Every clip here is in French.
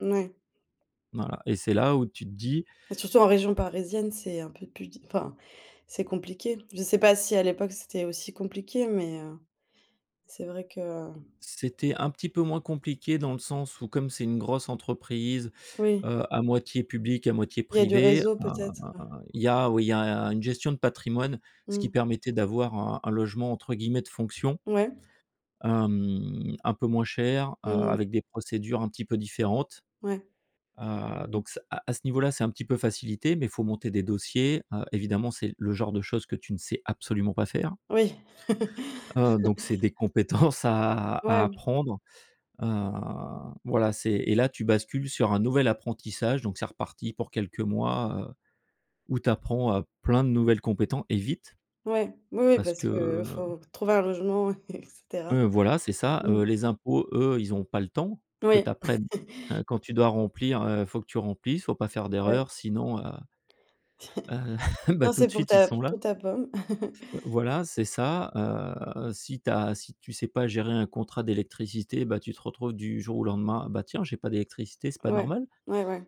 Mouais. Voilà, et c'est là où tu te dis Et surtout en région parisienne, c'est un peu plus di enfin c'est compliqué. Je sais pas si à l'époque c'était aussi compliqué, mais, heu, c'est vrai que heu C'était un petit peu moins compliqué, dans le sens où, comme c'est une grosse entreprise, Oui. heu, à moitié publique, à moitié Il y a du privée, réseau heu, peut-être, heu il y a où il y a une gestion de patrimoine, ce qui Mmh. permettait d'avoir un un logement entre guillemets «de fonction» Ouais. hem, un peu moins cher, heu, Mmh mh. avec des procédures un petit peu différentes, Ouais. heu. Donc ce, heu, à ce niveau là, ça a un petit peu facilité, mais faut monter des dossiers, heu, évidemment, c'est le genre de choses que tu ne sais absolument pas faire Oui. heu, donc c'est des compétences à à Ouais. apprendre, heu voilà, c'est et là tu bascules sur un nouvel apprentissage, donc c'est reparti pour quelques mois, heu, où tu apprends, heu, plein de nouvelles compéten et vite Ouais, oui, oui parce parce que que faut trouver un logement et cetera. Heu, voilà, c'est ça: Mmh. heu, les impôts, eux, ils ont pas le temps que Oui. tu apprennes, heu, quand tu dois remplir, heu, il faut que tu remplisses, faut pas faire Ouais. d'erreur sinon, heu heu, bah Non tout c'est de pour suite ils ta p sont là. pour ta pomme. Heu, voilà, c'est ça. Heu, si tu as si tu sais pas gérer un contrat d'électricité, bah, tu te retrouves du jour au lendemain: «Bah tiens, j'ai pas d'électricité, c'est pas Ouais. normal». Ouais, ouais.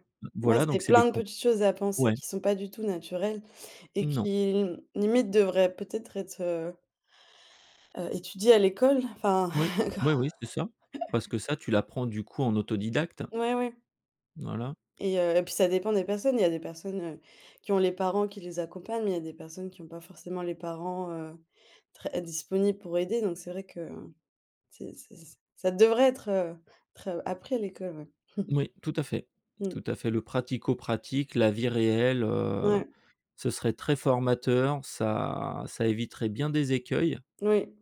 Ouais, Voilà, c'est donc c'est plein des de comp petites choses à penser, ouais. qui sont pas du tout naturelles, et Non. qui limite devraient peut-être être heu heu étudiées à l'école enfin, Ou. éco Oui, oui, c'est ça. Parce que ça tu l'apprends du coup en autodidacte. Ouais, ouais. Voilà. Et heu, et puis ça dépend des personnes. Il y a des personnes, heu, qui ont les parents qui les accompagnent, mais il y a des personnes qui ont pas forcément les parents, heu, très disponibles pour aider. Donc c'est vrai que, heu, c'est c'est ça devrait être, heu, tre appris à l'école, ouais. Oui, tout à fait Mmh. tout à fait, le pratico-pratique, la vie réelle, heu, Ouais. ce serait très formateur ça ça éviterait bien des écueils, N oui.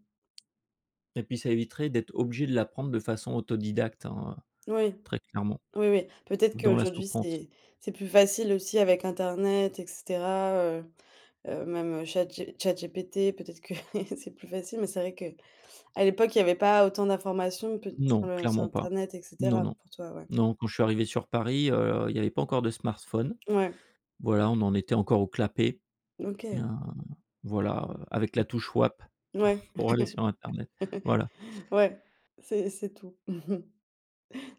et puis ça éviterait d'être obligé de l'apprendre de façon autodidacte, hein. Oui. Très clairement. Oui, oui. Peut-être Ou dans la qu'aujourd'hui souffrance. c'est c'est plus facile aussi avec internet, et cetera, heu heu, même, heu, Chat G Chat GPT, peut-être que c'est plus facile, mais c'est vrai qu'à l'époque, il y avait pas autant d'informations p sur Non, le sur clairement pas. internet, et Non, cetera, non. pour toi, ouais. Non, quand je suis arrivé sur Paris, heu, il y avait pas encore de smartphones. Ouais. Voilà on en était encore au clapet. OK. Hein, voilà, avec la N touche WAP ouais. pour aller sur internet, voilà. Ouais, c'est c'est tout.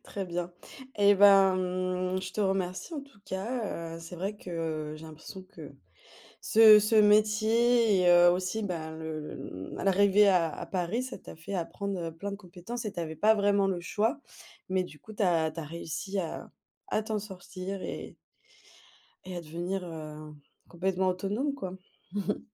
Très bien, eh ben, mmh, je te remercie en tout cas, heu, c'est vrai que, heu, j'ai l'impression que ce ce métier et heu, aussi, bah, le le l'arrivée à à Paris, ça t'a fait apprendre, heu, plein de compétences et tu avais pas vraiment le choix. Mais du coup, tu as tu as réussi à à t'en sortir et et à devenir, heu, complètement autonome, quoi.